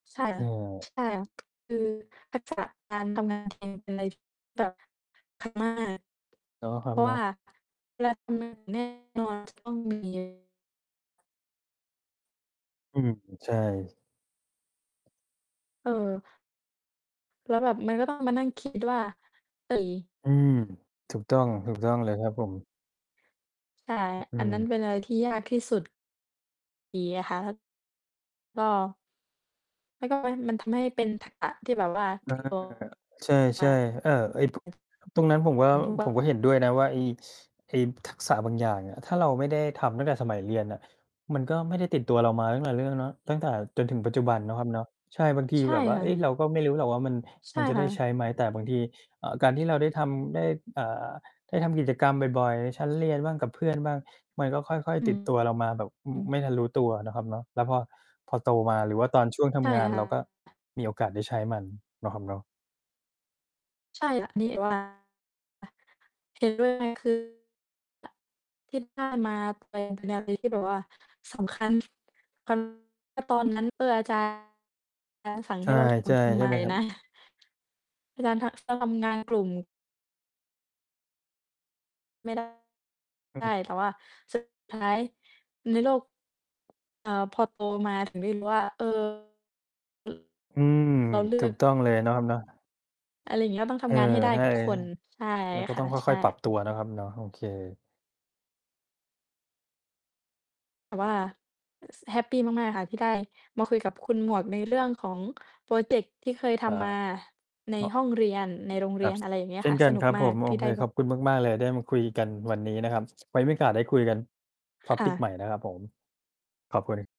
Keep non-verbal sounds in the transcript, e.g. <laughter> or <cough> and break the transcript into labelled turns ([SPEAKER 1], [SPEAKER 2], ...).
[SPEAKER 1] ใช่
[SPEAKER 2] เ
[SPEAKER 1] ค
[SPEAKER 2] ออ
[SPEAKER 1] ่ะ ๆ คือทักษะการทำงานในที่แบบ <unintelligible>
[SPEAKER 2] เนาะคร
[SPEAKER 1] เพ
[SPEAKER 2] ับ
[SPEAKER 1] ราะ
[SPEAKER 2] เน
[SPEAKER 1] ว
[SPEAKER 2] า
[SPEAKER 1] ่า
[SPEAKER 2] ะ
[SPEAKER 1] เวลาทำงานแน่นอนจะต้องมี
[SPEAKER 2] อืม ใช่
[SPEAKER 1] เออ แล้วแบบ มันก็ต้องมานั่งคิดว่า เฮ้ย
[SPEAKER 2] อืม ถูกต้อง ถูกต้อง เลยครับผม
[SPEAKER 1] ใช่
[SPEAKER 2] อื
[SPEAKER 1] อันนั้
[SPEAKER 2] ม
[SPEAKER 1] นเป็นอะไรที่ยากที่ สุด ดีนะคะ ก็ ไม่ก็ไม่ มันทำให้เป็นทักษะที่แบบว่า
[SPEAKER 2] อ
[SPEAKER 1] ต
[SPEAKER 2] า
[SPEAKER 1] ิดตัว
[SPEAKER 2] ใช
[SPEAKER 1] ม
[SPEAKER 2] ่
[SPEAKER 1] า
[SPEAKER 2] ๆ เอ่อ ไอ้ พ ตรงนั้นผมว่า ผมก็
[SPEAKER 1] <unintelligible>
[SPEAKER 2] เห็นด้วยนะว่า ไอ้ ไอ้ทักษะบางอย่างอะ ถ้าเราไม่ได้ทำตั้งแต่สมัยเรียนอะ มันก็ไม่ได้ติดตัวเรามาตั้งหลายเรื่อง เนาะ ตั้งแต่จนถึงปัจจุบันเนาะครับเนาะ ใช่ บางที
[SPEAKER 1] ใช่
[SPEAKER 2] แบบว่า
[SPEAKER 1] ค่
[SPEAKER 2] เฮ้ย
[SPEAKER 1] ะ
[SPEAKER 2] เราก็ไม่รู้หรอกว่ามัน
[SPEAKER 1] ใช
[SPEAKER 2] ม
[SPEAKER 1] ่
[SPEAKER 2] ันจะ
[SPEAKER 1] ค
[SPEAKER 2] ได
[SPEAKER 1] ่
[SPEAKER 2] ้ ใช
[SPEAKER 1] ะ
[SPEAKER 2] ้ไหม แต่บางที อ่า การที่เราได้ทำได้ อ่า ได้ทำกิจกรรมบ่อย ๆ ชั้นเรียนบ้างกับ เพื่อนบ้าง มันก็ค่อย
[SPEAKER 1] อื
[SPEAKER 2] ๆ ติ
[SPEAKER 1] ม
[SPEAKER 2] ดตัวเรามาแบบ อ
[SPEAKER 1] อืม
[SPEAKER 2] ไม่ทันรู้ตัวเนาะครับเนาะ แล้วพอ พอโตมา หรือว่าตอนช่วงท
[SPEAKER 1] ใช่
[SPEAKER 2] ำงาน
[SPEAKER 1] ค่
[SPEAKER 2] เราก็
[SPEAKER 1] ะ
[SPEAKER 2] มีโอกาสได้ใช้มันเนาะครับเนาะ
[SPEAKER 1] ใช่ค่ะ นี่ว่า อ เห็นเลยด้วย คือ คิดว่ามา <unintelligible> เป็นอะไรที่แบบว่าสำคัญ คัน ก็ตอนนั้น เอ่อ อาจารย์ จารย์สั่ง
[SPEAKER 2] ใช
[SPEAKER 1] ให
[SPEAKER 2] ่
[SPEAKER 1] ้เราท
[SPEAKER 2] ๆ
[SPEAKER 1] ำทำ
[SPEAKER 2] ใช
[SPEAKER 1] ไ
[SPEAKER 2] ่
[SPEAKER 1] ม
[SPEAKER 2] ไหมครับ?
[SPEAKER 1] นะ? อาจารย์ ท ทำงาน กลุ่ม ไม่ได้
[SPEAKER 2] อื
[SPEAKER 1] ใช่ แต
[SPEAKER 2] ม
[SPEAKER 1] ่ว่า สุด ท้ายในโลก เอ่อ พอโตมาถึงได้รู้ว่า เออ
[SPEAKER 2] อืม
[SPEAKER 1] เราเลื
[SPEAKER 2] ถู
[SPEAKER 1] อก
[SPEAKER 2] กต้องเลยเนาะครับเนาะ
[SPEAKER 1] อะไรอย่างเงี้ย ต้องท
[SPEAKER 2] เออ
[SPEAKER 1] ำงานให้ได้
[SPEAKER 2] ใช่
[SPEAKER 1] ทุกคน ใช่
[SPEAKER 2] แล้วก็
[SPEAKER 1] ค
[SPEAKER 2] ต
[SPEAKER 1] ่
[SPEAKER 2] ้
[SPEAKER 1] ะ
[SPEAKER 2] องค
[SPEAKER 1] ใช
[SPEAKER 2] ่
[SPEAKER 1] ่
[SPEAKER 2] อย ๆ ปรับตัวเนาะครับเนาะ โอเค
[SPEAKER 1] แต่ว่า ส แฮปปีมาก ๆ ค่ะที่ได้มาคุยกับคุณหมวกใน เรื่อง ของพรอเจกต์ที่เคยท
[SPEAKER 2] อา
[SPEAKER 1] ำมาใน
[SPEAKER 2] อ
[SPEAKER 1] ห้องเรียน ในโรงเ
[SPEAKER 2] ค
[SPEAKER 1] รี
[SPEAKER 2] รั
[SPEAKER 1] ย
[SPEAKER 2] บ
[SPEAKER 1] น อะไรอย่างเงี้ย
[SPEAKER 2] เช่
[SPEAKER 1] ค่
[SPEAKER 2] น
[SPEAKER 1] ะ
[SPEAKER 2] กั
[SPEAKER 1] ส
[SPEAKER 2] น
[SPEAKER 1] นุ
[SPEAKER 2] ค
[SPEAKER 1] ก
[SPEAKER 2] รับ
[SPEAKER 1] มา
[SPEAKER 2] ผ
[SPEAKER 1] ก
[SPEAKER 2] ม โ
[SPEAKER 1] ท
[SPEAKER 2] อ
[SPEAKER 1] ี่ไ
[SPEAKER 2] เ
[SPEAKER 1] ด
[SPEAKER 2] ค
[SPEAKER 1] ้แบ
[SPEAKER 2] ข
[SPEAKER 1] บ
[SPEAKER 2] อบคุณมาก ๆ เลยได้มาคุยกันวันนี้นะครับ ไว้ไม่โอกาสได้คุยกัน
[SPEAKER 1] ค่
[SPEAKER 2] topic
[SPEAKER 1] ะ
[SPEAKER 2] ใหม่นะครับผม ขอบคุณ